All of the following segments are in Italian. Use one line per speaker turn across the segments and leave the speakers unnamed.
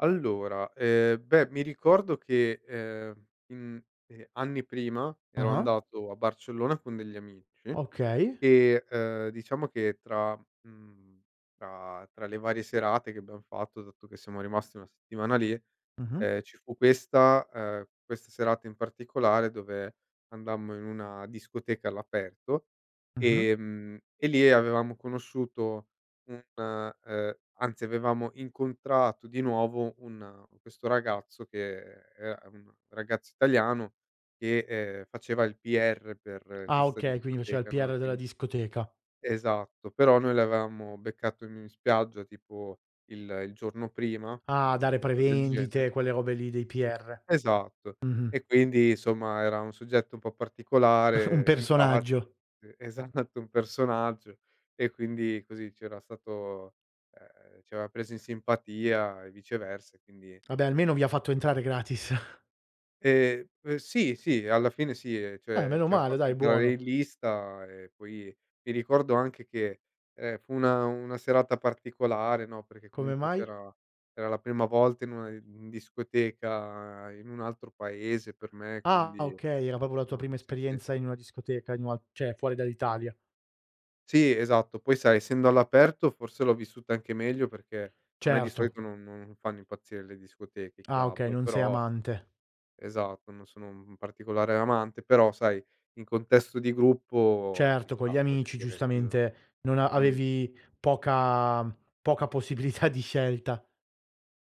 Allora, ehm, beh mi ricordo che, ehm, mhmm, ehm, anni prima ero
Ah-ah.
andato a Barcellona con degli amici
Okay.
e, uhm, diciamo che tra mhmm, tra tra le varie serate che abbiam fatto, dato che siamo rimasti 1 settimana lì,
Mh-mh.
ehm, ci fu questa uhm, questa serata in particolare dove andammo in una discoteca all'aperto,
Mh-mh.
ehm, e lì avevamo conosciuto un ,uhm anzi avevamo incontrato di nuovo un questo ragazzo che è un ragazzo italiano che, ehm, faceva il PR per
Ah
questa
okay, quindi faceva il
discoteca, no, e
PR della
quindi
discoteca.
esatto, però noi l'avevamo beccato in spiaggia tipo il il giorno prima,
Ah,
mhmm,
dare
cosa del genere
prevendite, quelle robe lì dei PR.
Esatto.
Mh-mh.
E quindi, insomma, era un soggetto un po'
Un
particolare, simpatico
personaggio.
sì, esatto, un personaggio. E quindi, così, c'era stato ehm, ci aveva preso in simpatia e viceversa e quindi
Vabbè, almeno vi ha fatto
[unintelligible]
entrare gratis.
Ehm, p sì, sì, alla fine sì.
Eh,
Cioè,
meno
ci ha
male,
fatto
dai.
entrare in
Buono.
lista e poi mi ricordo anche che, ehm, fu una una serata particolare, no, perché
Come
comunque
mai?
c'era era la prima volta in una di discoteca in un altro paese per me,
Ah,
quindi
okay, era proprio la tua
mh,
prima
sì, sì.
esperienza in una discoteca in una cioè, fuori dall'Italia.
Sì, esatto. Poi, sai, essendo all'aperto forse l'ho vissuta anche meglio perché a me di
Certo.
solito non non fanno impazzire le discoteche, i
Ah, okay,
club,
non sei
però
amante.
esatto, non sono un particolare amante però, sai, in contesto di gruppo ci
Certo, con gli
sta voglio
amici
dire [unintelligible]
giustamente non a
mh.
avevi poca poca possibilità di scelta.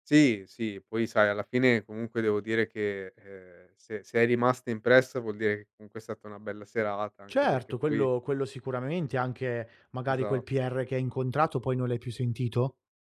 Sì, sì. Poi, sai, alla fine comunque devo dire che, ehm, se se è rimasta impressa vuol dire che comunque è stata una bella serata anche perché
Certo,
poi
quello quello sicuramente, anche magari quel
Esa
PR che hai incontrato, poi non l'hai più sentito?